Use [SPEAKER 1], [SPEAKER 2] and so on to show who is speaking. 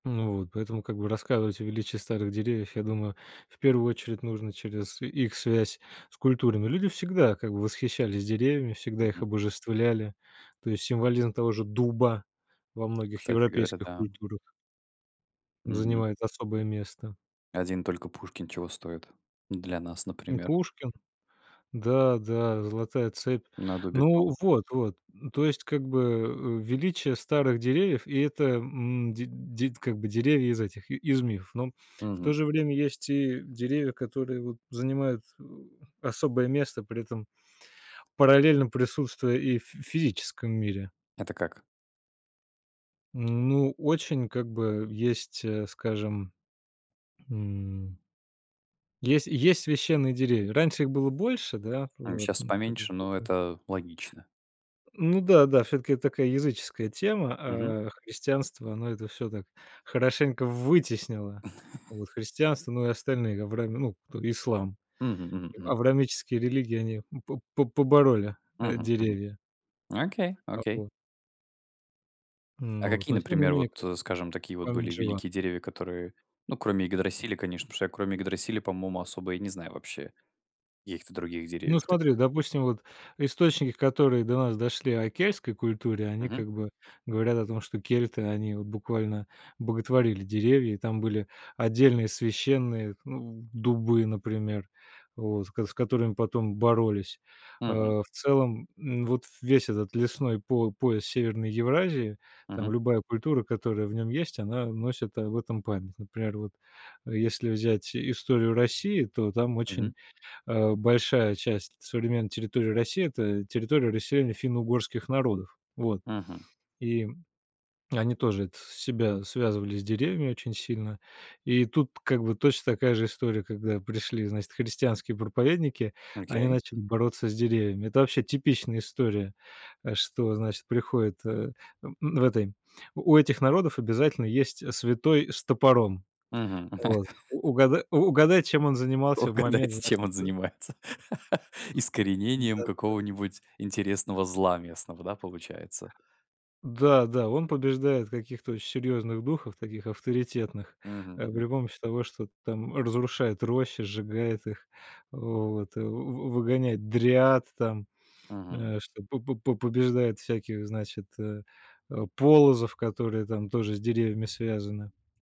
[SPEAKER 1] Ну вот, поэтому как бы рассказывать о величии старых деревьев, я думаю, в первую очередь, нужно через и их связь с культурами. Люди всегда как бы восхищались деревьями, всегда их
[SPEAKER 2] Мгм.
[SPEAKER 1] обожествляли. То есть символизм того же дуба во многих
[SPEAKER 2] Кстати говоря,
[SPEAKER 1] европейских
[SPEAKER 2] да.
[SPEAKER 1] культурах
[SPEAKER 2] Мгм.
[SPEAKER 1] занимает особое место.
[SPEAKER 2] Один только Пушкин чего стоит. Для нас,
[SPEAKER 1] Ну,
[SPEAKER 2] например.
[SPEAKER 1] Пушкин. Да да, золотая цепь.
[SPEAKER 2] На дубе
[SPEAKER 1] Ну
[SPEAKER 2] том.
[SPEAKER 1] вот, вот. Н то есть, как бы, э, величие старых деревьев, и это, м, ди дид как бы деревья из этих, и из мифов. Но, в то
[SPEAKER 2] Мгм.
[SPEAKER 1] же время, есть и деревья, которые, вот, занимают, э, особое место, при этом параллельно присутствуя и в фи физическом мире.
[SPEAKER 2] Это как?
[SPEAKER 1] Ну, очень как бы, есть, э, скажем, м Есть есть священные деревья. Раньше их было больше, да,
[SPEAKER 2] М,
[SPEAKER 1] вот,
[SPEAKER 2] щас
[SPEAKER 1] ну, как бы
[SPEAKER 2] поменьше, но
[SPEAKER 1] потом
[SPEAKER 2] это логично.
[SPEAKER 1] Ну да, да, всё-таки это такая языческая тема,
[SPEAKER 2] Мгм.
[SPEAKER 1] а христианство- оно это всё так хорошенько вытеснило, вот, христианство, ну и остальные, авраи ну, кто- ислам,
[SPEAKER 2] Мгм, мгм,
[SPEAKER 1] и
[SPEAKER 2] мгм.
[SPEAKER 1] авраамические религии, они поб по побороли, э,
[SPEAKER 2] Мгм. Мгм.
[SPEAKER 1] деревья.
[SPEAKER 2] Окей,
[SPEAKER 1] А
[SPEAKER 2] окей!
[SPEAKER 1] по
[SPEAKER 2] А
[SPEAKER 1] Ну,
[SPEAKER 2] какие,
[SPEAKER 1] то есть
[SPEAKER 2] например, вот,
[SPEAKER 1] [unintelligible]
[SPEAKER 2] э, скажем, такие вот были
[SPEAKER 1] память жива.
[SPEAKER 2] великие деревья, которые, ну, кроме Игадрасиля, конечно. Потому что я кроме Игадрасиля, по моему, особо и не знаю вообще каких-то других
[SPEAKER 1] Ну,
[SPEAKER 2] деревьев
[SPEAKER 1] смотри,
[SPEAKER 2] таких.
[SPEAKER 1] допустим, вот источники, которые до нас дошли о кельтской культуре, они
[SPEAKER 2] Мгм.
[SPEAKER 1] как бы говорят о том, что кельты- они вот буквально боготворили деревья, и там были отдельные священные, ну, дубы, например, вот, с с которыми потом боролись. Э,
[SPEAKER 2] Мгм.
[SPEAKER 1] в целом, н вот весь этот лесной по пояс Северной Евразии, там
[SPEAKER 2] Мгм.
[SPEAKER 1] любая культура, которая в нём есть, она носит об этом память. Например, вот, э, если взять историю России, то там
[SPEAKER 2] Мгм.
[SPEAKER 1] очень, э, большая часть современной территории России- это территория расселения финно-угорских народов. Вот.
[SPEAKER 2] Мгм.
[SPEAKER 1] И они тоже это с себя связывали с деревьями очень сильно. И тут как бы точно такая же история, когда пришли, значит, христианские проповедники, они
[SPEAKER 2] Окей.
[SPEAKER 1] начали бороться с деревьями. Это вообще типичная история. Э, что, значит, приходит, э, н в этой у этих народов обязательно есть, э, святой с топором.
[SPEAKER 2] Мгм.
[SPEAKER 1] Вот, угада угадай, чем он занимался в момент,
[SPEAKER 2] Угадайте,
[SPEAKER 1] значит,
[SPEAKER 2] чем он
[SPEAKER 1] да
[SPEAKER 2] занимается. Искоренением
[SPEAKER 1] Да-да-да.
[SPEAKER 2] какого-нибудь интересного зла местного, да, получается?
[SPEAKER 1] Да, да, он побеждает каких-то оч серьёзных духов, таких авторитетных,
[SPEAKER 2] Мгм,
[SPEAKER 1] э,
[SPEAKER 2] мгм.
[SPEAKER 1] при помощи того, что там разрушает рощи, сжигает их, вот, вы вы выгоняет дриад там,
[SPEAKER 2] Мгм.
[SPEAKER 1] э, что по по по побеждает всяких, значит, э, э, полозов, которые там тоже с деревьями связаны.